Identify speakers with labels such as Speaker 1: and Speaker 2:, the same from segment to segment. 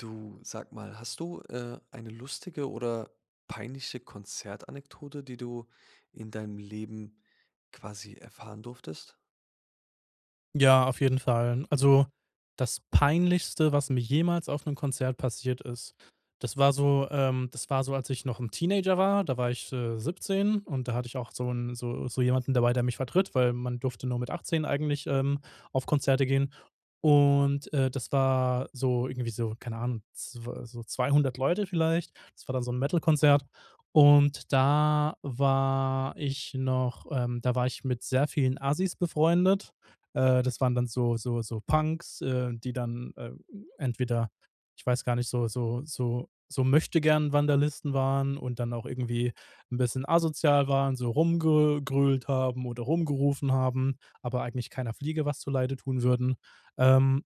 Speaker 1: Du, sag mal, hast du äh, eine lustige oder peinliche Konzertanekdote, die du in deinem Leben quasi erfahren durftest?
Speaker 2: Ja, auf jeden Fall. Also, das Peinlichste, was mir jemals auf 'nem Konzert passiert ist, das war so, ähm das war so, als ich noch 'n Teenager war, da war ich, äh, 17 und da hatte ich auch so 'n so so jemanden dabei, der mich vertritt, weil man durfte nur mit 18 eigentlich, ähm, auf Konzerte gehen. Und, äh, das war so irgendwie so, keine Ahnung, zw so 200 Leute vielleicht. Das war dann so 'n Metal-Konzert. Und da war ich noch, ähm da war ich mit sehr vielen Assis befreundet. Äh, das waren dann so so so Punks, äh, die dann, äh, entweder ich weiß gar nicht, so so so so Möchtegern-Vandalisten waren und dann auch irgendwie 'n bisschen asozial waren, so rumgegrölt haben oder rumgerufen haben, aber eigentlich keiner Fliege was zuleide tun würden. Ähm,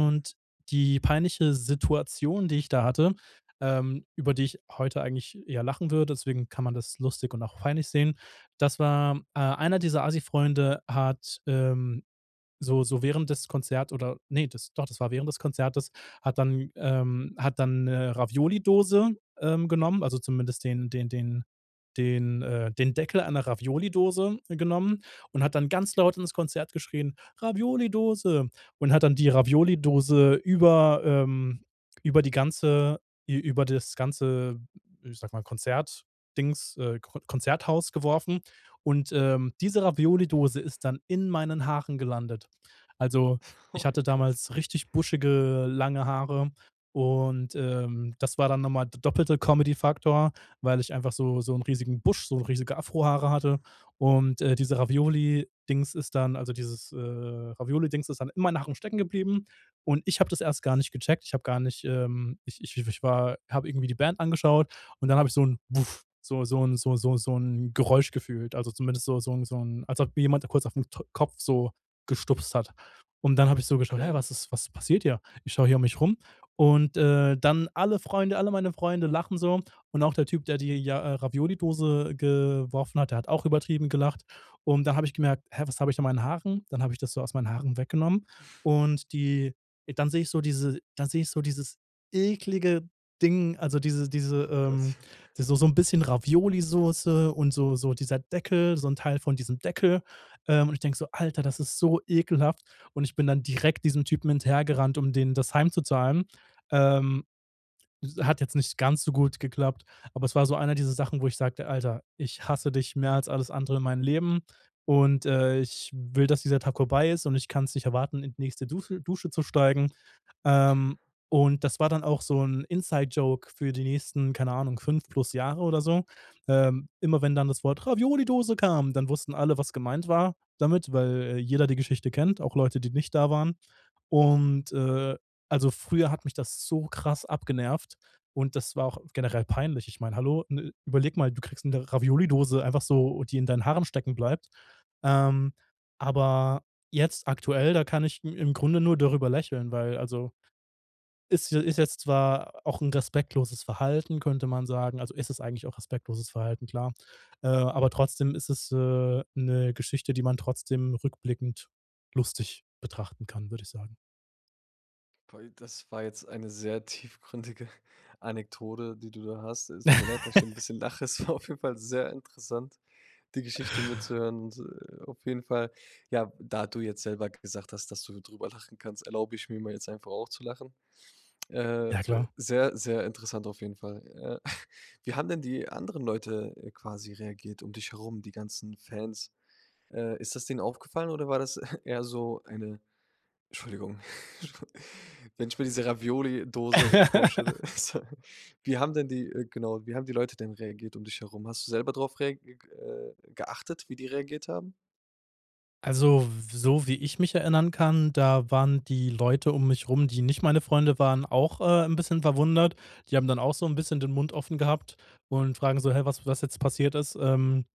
Speaker 2: die peinliche Situation, die ich da hatte, ähm, über die ich heute eigentlich eher lachen würde, deswegen kann man das lustig und auch peinlich sehen, das war äh, einer dieser Assi-Freunde hat, ähm, so so während des Konzert oder ne, das doch, das war während des Konzertes, hat dann, ähm, hat dann 'ne Ravioli-Dose, ähm, genommen also, zumindest den den den den, äh, den Deckel einer Ravioli Dose genommen und hat dann ganz laut ins Konzert geschrien: „Ravioli-Dose“. Und hat dann die Ravioli-Dose über, ähm über die ganze ü über das ganze ich sage mal Konzert-Dings äh, Kr Konzerthaus geworfen. Und, ähm, diese Ravioli-Dose ist dann in meinen Haaren gelandet. Also,
Speaker 1: Oh
Speaker 2: ich
Speaker 1: mein
Speaker 2: hatte
Speaker 1: Gott.
Speaker 2: damals richtig buschige, lange Haare und, ähm, das war dann noch mal der doppelte Comedy-Faktor, weil ich einfach so so 'n riesigen Busch, so riesige Afro-Haare hatte. Und, äh, diese Ravioli Dings ist dann also, dieses, äh, Ravioli-Dings ist dann in meinen Haaren stecken geblieben. Und ich habe das erst gar nicht gecheckt. Ich habe gar nicht ähm, ich ich war habe irgendwie die Band angeschaut und dann habe ich so 'n Buff so so 'n so so so 'n Geräusch gefühlt, also, zumindest so so 'n so 'n als ob jemand kurz auf 'n To Kopf so gestupst hat. Und dann habe ich so geschaut, hä,
Speaker 1: Okay.
Speaker 2: was ist was passiert hier? Ich schaue hier um mich rum. Und, äh, dann alle Freunde alle meine Freunde lachen so. Und auch der Typ, der die, ja, Ravioli-Dose geworfen hat, der hat auch übertrieben gelacht. Und dann habe ich gemerkt, hä, was habe ich meinen Haaren? Dann habe ich das so aus meinen Haaren weggenommen. Und die dann sehe ich so diese dann sehe ich so dieses eklige Ding, also diese diese,
Speaker 1: Oh
Speaker 2: ähm
Speaker 1: Gott.
Speaker 2: die so so 'n bisschen Ravioli-Soße und so so dieser Deckel, so 'n Teil von diesem Deckel, ähm, und ich denke so, Alter, das ist so ekelhaft. Und ich bin dann direkt diesem Typen hinterhergerannt, um dem das heimzuzahlen. Ähm, s hat jetzt nicht ganz so gut geklappt. Aber es war so eine dieser Sachen, wo ich sagte: „Alter, ich hasse dich mehr als alles andere in meinem Leben. Und, äh, ich will, dass dieser Tag vorbei ist und ich kann's nicht erwarten, in die nächste Duse Dusche zu steigen." Ähm, und das war dann auch so 'n Inside-Joke für die nächsten, keine Ahnung, 5 plus Jahre oder so. Ähm, immer wenn dann das Wort Ravioli-Dose kam, dann wussten alle, was gemeint war damit, weil jeder die Geschichte kennt, auch Leute, die nicht da waren. Und, äh, also früher hat mich das so krass abgenervt und das war auch generell peinlich. Ich meine, hallo? N überlege mal, du kriegst 'ne Ravioli-Dose einfach so, die in deinen Haaren stecken bleibt. Ähm, aber jetzt aktuell, da kann ich i im Grunde nur darüber lächeln, weil also, ist je ist jetzt zwar auch 'n respektloses Verhalten, könnte man sagen. Also, es ist eigentlich auch respektloses Verhalten, klar. Äh, aber trotzdem ist es, äh, 'ne Geschichte, die man trotzdem rückblickend lustig betrachten kann, würde ich sagen.
Speaker 1: Toll, das war jetzt eine sehr tiefgründige Anekdote, die du da hast. Es tut mir leid, dass ich 'n bisschen lache, es war auf jeden Fall sehr interessant, die Geschichte mitzuhören und, äh, auf jeden Fall ja, da du jetzt selber gesagt hast, dass du drüber lachen kannst, erlaube ich mir mal jetzt einfach auch zu lachen. Äh äh,
Speaker 2: Ja klar.
Speaker 1: sehr, sehr interessant auf jeden Fall. Ja. Wie haben denn die anderen Leute, äh, quasi reagiert um dich herum, die ganzen Fans? Äh, ist das denen aufgefallen oder war das eher so eine, Entschuldigung, wenn ich mir diese Ravioli Dose vorstelle so, wie haben denn die äh, genau, wie haben die Leute denn reagiert um dich herum? Hast du selber drauf reag äh, geachtet, wie die reagiert haben?
Speaker 2: Also, w so wie ich mich erinnern kann, da waren die Leute um mich rum, die nicht meine Freunde waren, auch, äh, 'n bisschen verwundert. Die haben dann auch so 'n bisschen den Mund offen gehabt und fragen so: „Hä, was was jetzt passiert ist“? Ähm,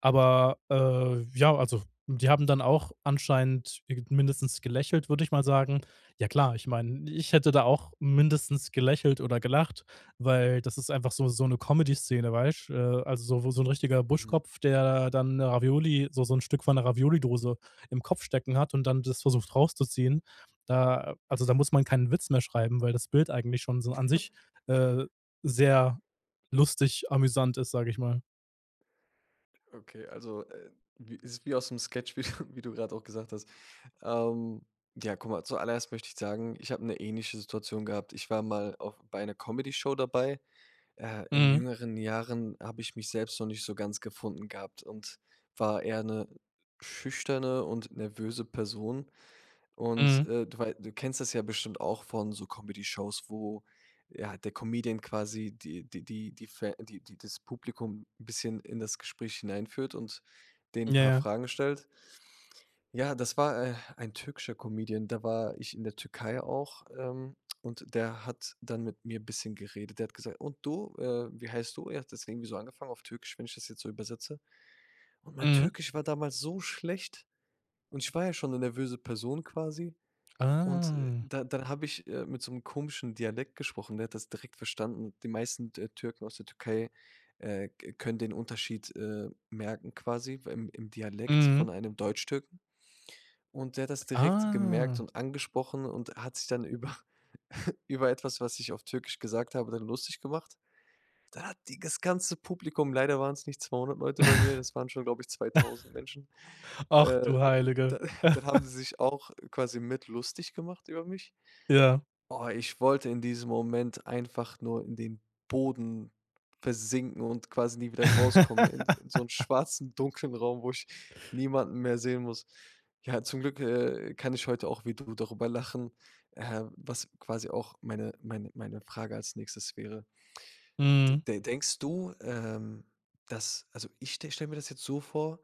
Speaker 2: aber, äh, ja also die haben dann auch anscheinend mindestens gelächelt, würde ich mal sagen. Ja klar, ich meine, ich hätte da auch mindestens gelächelt oder gelacht, weil das ist einfach so so 'ne Comedy Szene, weißt? Äh, also so wo so'n richtiger
Speaker 1: Mhm.
Speaker 2: Buschkopf, der dann Ravioli so so 'n Stück von 'ner Ravioli Dose im Kopf stecken hat und dann das versucht rauszuziehen, äh, also da muss man keinen Witz mehr schreiben, weil das Bild eigentlich schon so an sich, äh, sehr lustig amüsant ist, sage ich mal.
Speaker 1: Okay, also, äh, wie is wie aus 'nem Sketch, wie du wie du grad auch gesagt hast. Ähm, ja, guck mal, zuallererst möchte ich sagen, ich hab 'ne ähnliche Situation gehabt. Ich war mal auch bei 'ner Comedyshow dabei. Äh, in
Speaker 2: Mhm.
Speaker 1: jüngeren Jahren, habe ich mich selbst noch nicht so ganz gefunden gehabt und war eher 'ne schüchterne und nervöse Person. Und,
Speaker 2: Mhm.
Speaker 1: äh, du wei du kennst das ja bestimmt auch von so Comdeyshows, wo ja, der Comedian quasi die die die die die fä die die das Publikum 'n bisschen in das Gespräch hineinführt und denen
Speaker 2: Ja,
Speaker 1: 'n paar
Speaker 2: ja.
Speaker 1: Fragen stellt. Ja, das war, äh, ein türkischer Comedian, da war ich in der Türkei auch, ähm, und der hat dann mit mir bisschen geredet. Der hat gesagt: „Und du, äh, wie heißt du?“ Er hat das irgendwie so angefangen auf Türkisch, wenn ich das jetzt so übersetze. Und mein
Speaker 2: Mhm.
Speaker 1: Türkisch war damals so schlecht und ich war ja schon 'ne nervöse Person quasi. Und
Speaker 2: Ah.
Speaker 1: da dann habe ich, äh, mit so 'nem komischen Dialekt gesprochen, ne, der hat das direkt verstanden. Die meisten Tür Türken aus der Türkei, äh, k können den Unterschied, äh, merken quasi beim im Dialekt von
Speaker 2: Mhm.
Speaker 1: einem Deutschtürken. Und der hat das direkt gemerkt
Speaker 2: Ah.
Speaker 1: und angesprochen und hat sich dann über über etwas, was ich auf Türkisch gesagt habe, dann lustig gemacht. Da hat die das ganze Publikum leider waren's nicht 200 Leute bei mir, das waren schon, glaube ich, 2000 Menschen,
Speaker 2: Ach,
Speaker 1: äh,
Speaker 2: du Heilige.
Speaker 1: dann dann haben sie sich auch quasi mit lustig gemacht über mich.
Speaker 2: Ja.
Speaker 1: Oh, ich wollte in diesem Moment einfach nur in den Boden versinken und quasi nie wieder rauskommen in in so 'n schwarzen, dunklen Raum, wo ich niemanden mehr sehen muss. Ja, zum Glück, äh, kann ich heute auch wie du darüber lachen, ähm, was quasi auch meine meine meine Frage als Nächstes wäre. De
Speaker 2: Mhm.
Speaker 1: de denkst du, ähm, dass also, ich ste stell mir das jetzt so vor,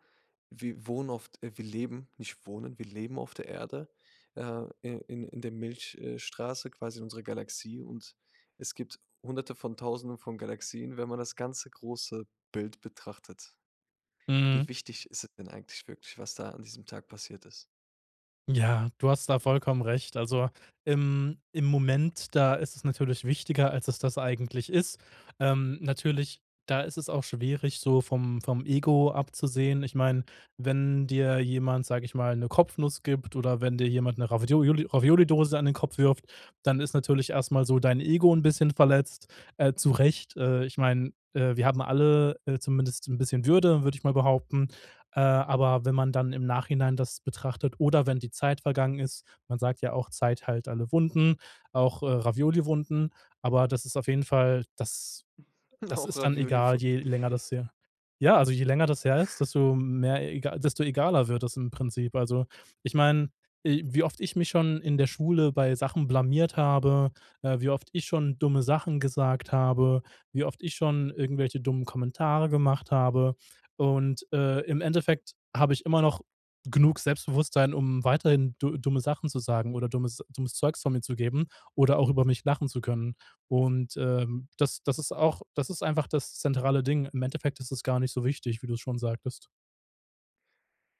Speaker 1: wir wohnen oft äh, wir leben, nicht wohnen, wir leben auf der Erde, äh, in in der Milch äh, Straße quasi in unserer Galaxie und es gibt 100 von 1.000 von Galaxien, wenn man das ganze große Bild betrachtet. Wie
Speaker 2: Mhm.
Speaker 1: wichtig ist es denn eigentlich wirklich, was da an diesem Tag passiert ist?
Speaker 2: Ja, du hast da vollkommen recht. Also, im im Moment, da ist es natürlich wichtiger, als es das eigentlich ist. Ähm, natürlich, da ist es auch schwierig, so vom vom Ego abzusehen. Ich meine, wenn dir jemand, sage ich mal, 'ne Kopfnuss gibt oder wenn dir jemand 'ne Ravioli Raviolidose an den Kopf wirft, dann ist natürlich erst mal so dein Ego 'n bisschen verletzt, äh, zurecht. Äh, ich meine, äh, wir haben alle, äh, zumindest 'n bisschen Würde, würde, ich mal behaupten. Äh, aber wenn man dann im Nachhinein das betrachtet oder wenn die Zeit vergangen ist, man sagt ja auch, Zeit heilt alle Wunden, auch, äh, Ravioli-Wunden. Aber das ist auf jeden Fall das das
Speaker 1: Auch
Speaker 2: ist dann egal,
Speaker 1: Ravioli-Wunden.
Speaker 2: je länger das her ja, also je länger das her ist, desto mehr ega desto egaler wird das im Prinzip. Also ich meine, i wie oft ich mich schon in der Schule bei Sachen blamiert habe, äh, wie oft ich schon dumme Sachen gesagt habe, wie oft ich schon irgendwelche dummen Kommentare gemacht habe. Und, äh, im Endeffekt habe ich immer noch genug Selbstbewusstsein, um weiterhin du dumme Sachen zu sagen oder dummes dummes Zeugs von mir zu geben oder auch über mich lachen zu können. Und, ähm, das das ist auch das ist einfach das zentrale Ding. Im Endeffekt ist es gar nicht so wichtig, wie du's schon sagtest.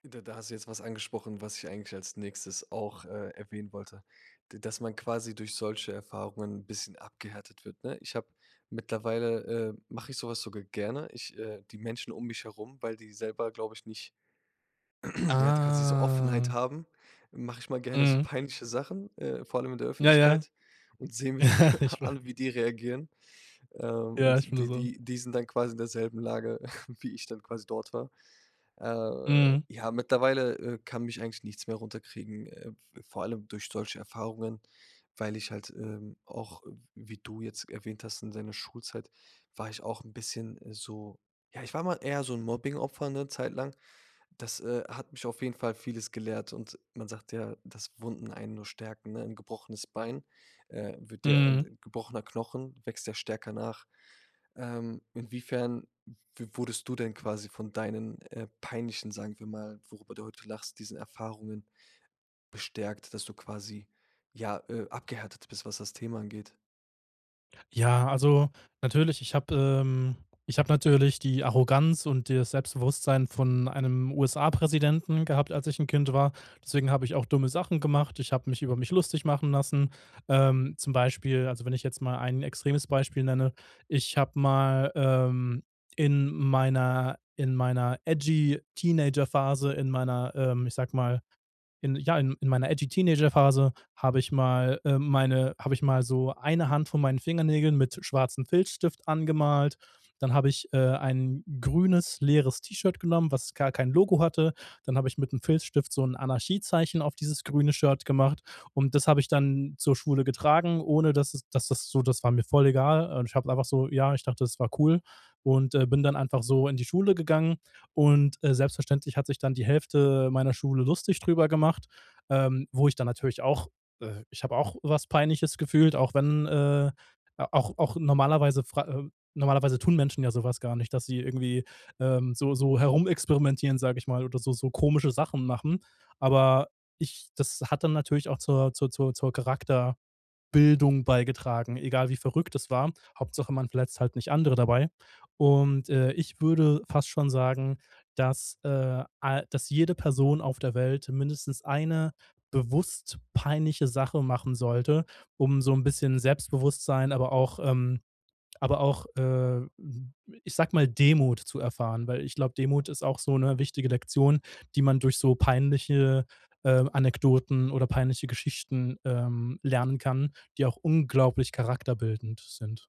Speaker 1: Da da hast du jetzt was angesprochen, was ich eigentlich als Nächstes auch, äh, erwähnen wollte. D dass man quasi durch solche Erfahrungen 'n bisschen abgehärtet wird, ne? Ich habe mittlerweile, äh, mache ich so was sogar gerne. Ich, äh die Menschen um mich herum, weil die selber, glaube ich nicht, ja, die quasi so
Speaker 2: Ah.
Speaker 1: Offenheit haben, mache ich mal gerne so
Speaker 2: Mhm.
Speaker 1: peinliche Sachen, äh, vor allem in der
Speaker 2: Ja, ja.
Speaker 1: Öffentlichkeit und sehe mir dann
Speaker 2: Ich wei
Speaker 1: an, wie die reagieren. Ähm,
Speaker 2: Ja,
Speaker 1: und
Speaker 2: ich bin nur
Speaker 1: die
Speaker 2: so
Speaker 1: die die sind dann quasi in derselben Lage, wie ich dann quasi dort war. Äh,
Speaker 2: Mhm.
Speaker 1: ja, mittlerweile, äh, kann mich eigentlich nichts mehr runterkriegen, äh, v vor allem durch solche Erfahrungen, weil ich halt, ähm, auch, w wie du jetzt erwähnt hast, in deiner Schulzeit war ich auch 'n bisschen so ja, ich war mal eher so 'n Mobbing-Opfer 'ne Zeit lang. Das, äh, hat mich auf jeden Fall Vieles gelehrt und man sagt ja, dass Wunden einen nur stärken, ne? 'N gebrochenes Bein, äh, wird der, äh
Speaker 2: Mhm.
Speaker 1: 'n gebrochener Knochen wächst ja stärker nach. Ähm, inwiefern w wurdest du denn quasi von deinen, äh, peinlichen sagen wir mal, worüber du heute lachst, diesen Erfahrungen bestärkt, dass du quasi, ja, äh, abgehärtet bist, was das Thema angeht?
Speaker 2: Ja, also natürlich, ich habe ähm ich habe natürlich die Arroganz und das Selbstbewusstsein von einem USA-Präsidenten gehabt, als ich 'n Kind war. Deswegen habe ich auch dumme Sachen gemacht. Ich habe mich über mich lustig machen lassen. Ähm. Zum Beispiel, also, wenn ich jetzt mal ein extremes Beispiel nenne, ich habe mal, ähm, in meiner in meiner edgy Teenager-Phase in meiner, ähm, ich sage mal, in ja, in meiner edgy Teenager-Phase habe ich mal, äh, meine habe ich mal so 1 Hand von meinen Fingernägeln mit schwarzem Filzstift angemalt. Dann habe ich, äh, ein grünes, leeres T-Shirt genommen, was gar kein Logo hatte. Dann habe ich mit dem Filzstift so 'n Anarchiezeichen auf dieses grüne Shirt gemacht. Und das habe ich dann zur Schule getragen, ohne dass es dass das so das war mir voll egal. Ich habe einfach so ja, ich dachte, das war cool. Und, äh, bin dann einfach so in die Schule gegangen. Und, äh, selbstverständlich hat sich dann die Hälfte meiner Schule lustig drüber gemacht, ähm, wo ich dann natürlich auch, äh ich habe auch was Peinliches gefühlt, auch wenn, äh auch auch normalerweise, fra äh, normalerweise tun Menschen ja so was gar nicht, dass sie irgendwie, ähm, so so herumexperimentieren, sage ich mal, oder so so komische Sachen machen. Aber ich das hat dann natürlich auch zur zur zur zur Charakterbildung beigetragen, egal wie verrückt das war. Hauptsache man verletzt halt nicht andere dabei. Und, äh, ich würde fast schon sagen, dass, äh, ei dass jede Person auf der Welt mindestens eine bewusst peinliche Sache machen sollte, um so 'n bisschen Selbstbewusstsein, aber auch, ähm aber auch, äh, ich sage mal, Demut zu erfahren. Weil ich glaube, Demut ist auch so 'ne wichtige Lektion, die man durch so peinliche, äh, Anekdoten oder peinliche Geschichten, ähm, lernen kann, die auch unglaublich charakterbildend sind.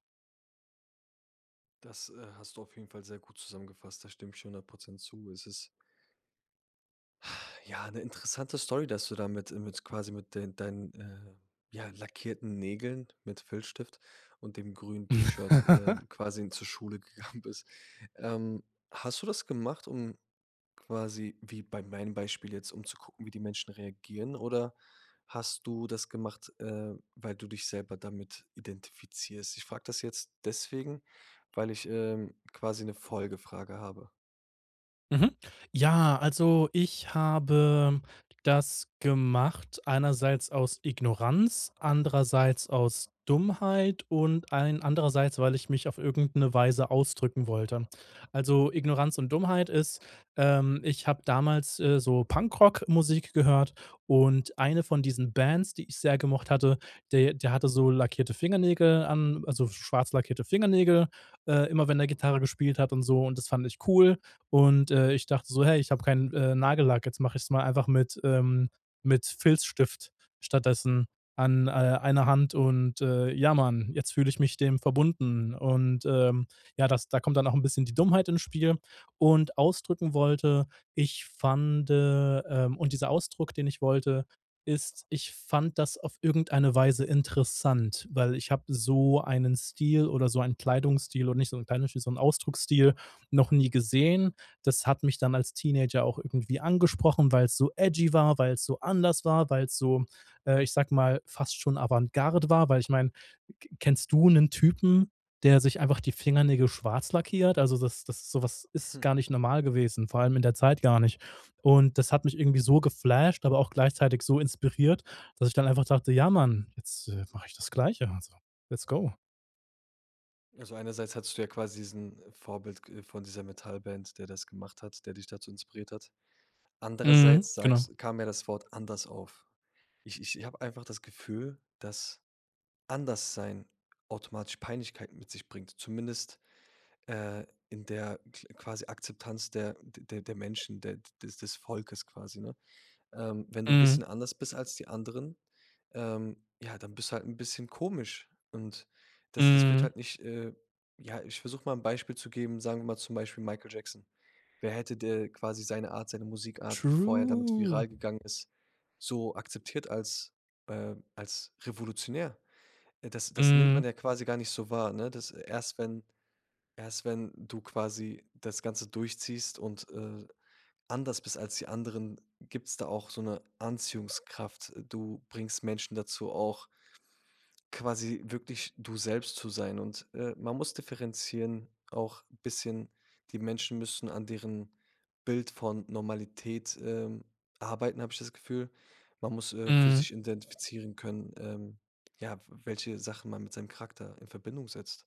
Speaker 1: Das, äh, hast du auf jeden Fall sehr gut zusammengefasst. Da stimme ich 100 % zu. Es ist ja, 'ne interessante Story, dass du da mit, äh mit quasi mit den deinen, äh, ja lackierten Nägeln mit Filzstift und dem grünen T-Shirt, äh, quasi zur Schule gegangen bist. Ähm, hast du das gemacht, um quasi, wie bei meinem Beispiel jetzt, um zu gucken, wie die Menschen reagieren? Oder hast du das gemacht, äh, weil du dich selber damit identifizierst? Ich frage das jetzt deswegen, weil ich, ähm, quasi 'ne Folgefrage habe.
Speaker 2: Mhm. Ja, also ich habe das gemacht einerseits aus Ignoranz, andererseits aus Dummheit und allen andererseits, weil ich mich auf irgend 'ne Weise ausdrücken wollte. Also, Ignoranz und Dummheit ist, ähm, ich habe damals, äh, so Punkrock-Musik gehört und eine von diesen Bands, die ich sehr gemocht hatte, de der hatte so lackierte Fingernägel an also, schwarz lackierte Fingernägel, äh, immer wenn der Gitarre gespielt hat und so. Und das fand ich cool. Und, äh, ich dachte so: „Hey, ich habe keinen, äh, Nagellack, jetzt mache ich's mal einfach mit, ähm, mit Filzstift stattdessen an, äh, einer Hand und, äh, ja man, jetzt fühle ich mich dem verbunden." Und, ähm, ja, das da kommt dann auch 'n bisschen die Dummheit ins Spiel. Und ausdrücken wollte ich fand, ähm und dieser Ausdruck, den ich wollte, ist, ich fand das auf irgendeine Weise interessant, weil ich habe so einen Stil oder so einen Kleidungsstil oder nicht so 'n Kleidungsstil, so 'n Ausdrucksstil noch nie gesehen. Das hat mich dann als Teenager auch irgendwie angesprochen, weil's so edgy war, weil's so anders war, weil's so, äh, ich sage mal, fast schon Avantgarde war? Weil ich meine, k kennst du 'nen Typen, der sich einfach die Fingernägel schwarz lackiert? Also, das das so was ist gar nicht normal gewesen, vor allem in der Zeit gar nicht. Und das hat mich irgendwie so geflasht, aber auch gleichzeitig so inspiriert, dass ich dann einfach dachte: „Ja man, jetzt, äh, mache ich das Gleiche. Also, let's go."
Speaker 1: Also einerseits hattest du ja quasi diesen Vorbild g, äh, von dieser Metallband, der das gemacht hat, der dich dazu inspiriert hat.
Speaker 2: Mhm,
Speaker 1: Andererseits
Speaker 2: genau.
Speaker 1: sagst kam ja das Wort „anders“ auf. Ich ich ich habe einfach das Gefühl, dass Anderssein automatisch Peinlichkeiten mit sich bringt, zumindest, äh, in der kl quasi Akzeptanz der der der der Menschen, der de des Volkes quasi, ne? Ähm, wenn du 'n
Speaker 2: Mhm.
Speaker 1: bisschen anders bist als die anderen, ähm, ja, dann bist du halt 'n bisschen komisch. Und das das wird
Speaker 2: Mhm.
Speaker 1: halt nicht, äh ja, ich versuch mal 'n Beispiel zu geben, sagen wir mal zum Beispiel Michael Jackson. Wer hätte da quasi seine Art, seine Musikart, bevor er damit
Speaker 2: True.
Speaker 1: viral gegangen ist, so akzeptiert als, äh, als revolutionär? Äh, das das nimmt man
Speaker 2: Mhm.
Speaker 1: ja quasi gar nicht so wahr, ne? Das erst wenn erst wenn du quasi das Ganze durchziehst und, äh, anders bist als die anderen, gibt's da auch so 'ne Anziehungskraft. Du bringst Menschen dazu auch quasi wirklich du selbst zu sein. Und, äh, man muss differenzieren auch bisschen, die Menschen müssen an deren Bild von Normalität, ähm, arbeiten, habe ich das Gefühl. Man muss, äh, für
Speaker 2: Mhm.
Speaker 1: sich identifizieren können, ähm, ja, w welche Sachen man mit seinem Charakter in Verbindung setzt.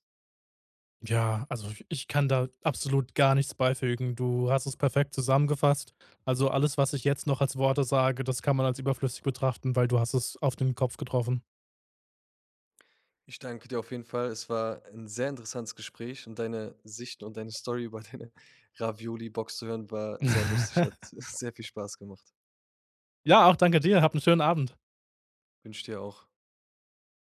Speaker 2: Ja, also ich ich kann da absolut gar nichts beifügen. Du hast es perfekt zusammengefasst. Also alles, was ich jetzt noch als Worte sage, das kann man als überflüssig betrachten, weil du hast es auf den Kopf getroffen.
Speaker 1: Ich danke dir auf jeden Fall. Es war 'n sehr interessantes Gespräch und deine Sicht und deine Story über deine Ravioli Box zu hören, war sehr lustig, hat sehr viel Spaß gemacht.
Speaker 2: Ja, auch danke dir. Hab 'n schönen Abend.
Speaker 1: Wünsche ich dir auch.